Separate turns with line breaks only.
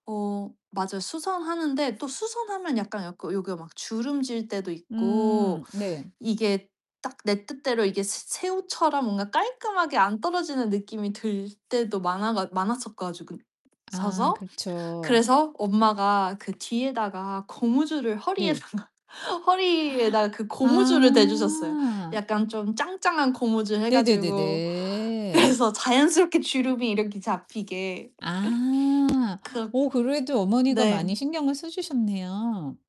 어 맞아요. 수선하는데 또 수선하면 약간, 약간 요게 막 주름질 때도 있고
음 네.
이게 딱 내 뜻대로 이게 스 새우처럼 뭔가 깔끔하게 안 떨어지는 느낌이 들 때도 많아가 많았었 가지고
아
서서.
그렇죠.
그래서 엄마가 그 뒤에다가 고무줄을
네.
허리에다가, 허리에다가 그 고무줄을 대주셨어요.
아.
약간 좀 짱짱한 고무줄 해 가지고.
네네네네.
그래서 자연스럽게 주름이 이렇게 잡히게.
아.
그렇
어 그래도 어머니가 많이
네.
신경을 써주셨네요.